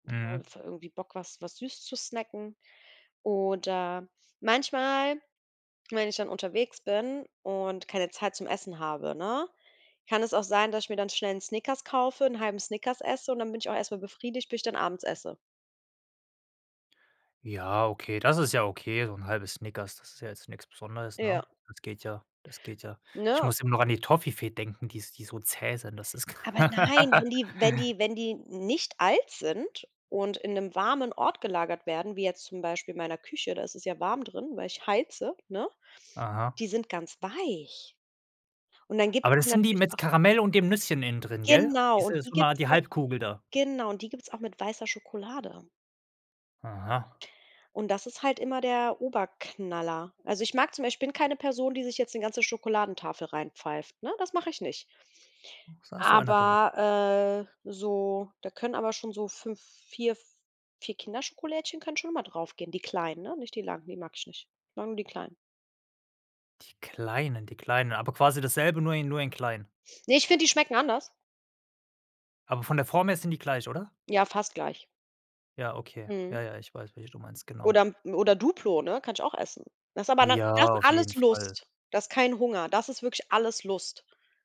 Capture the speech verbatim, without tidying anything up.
Da Mhm. [unintelligible] irgendwie Bock, was was süß zu snacken. Oder, manchmal, wenn ich dann unterwegs bin und keine Zeit zum Essen habe, ne, kann es auch sein, dass ich mir dann schnell 'n Snickers kaufe, 'n halben Snickers esse und dann bin ich auch erst mal befriedigt, bis ich dann abends esse. Ja, okay, das ist ja okay, so 'n halbes Snickers, das ist ja jetzt nix Besonderes, Ja. ne? Das geht ja das geht ja. Ich Ne? muss immer noch an die Toffifee denken, dies die so zäh sind, das ist Aber nein, wenn die wenn die wenn die nicht alt sind und in 'nem warmen Ort gelagert werden, wie jetzt zum Beispiel in meiner Küche- da ist es ja warm drin- weil ich heize, ne? Aha. Die sind ganz weich. Und dann Aber gibt´s die das sind die natürlich mit auch Karamell und dem Nüsschen innendrin, gell? Genau Ist und mit die so 'ner gibt´s die auch Halbkugel da? genau. Und die gibt's auch mit weißer Schokolade. Aha. Und das ist halt immer der Oberknaller. Also ich mag zum Beisp ich bin keine Person, die sich jetzt 'ne ganze Schokoladentafel reinpfeift, ne? Das mache ich nicht. Doch sa so einer bin ich. Aber, äh so, da können aber schon so fünf, vier, vier Kinderschokolädchen können schon immer drauf gehen, die kleinen, ne? Nicht die langen, die mag ich nicht. Ich mag nur die kleinen. Die Kleinen die Kleinen, aber quasi dasselbe, nur i nur in klein? Ne, ich find, die schmecken anders. Aber von der Form her sind die gleich, oder? Ja, fast gleich. Ja, okay. Mhm. Ja, ja, ich weiß, welche du meinst, genau. Oder oder Duplo, ne? Kann ich auch essen. Das ist aber dann Ja, das auf alles jeden Fall. Lust. Das ist kein Hunger. Das ist wirklich alles Lust.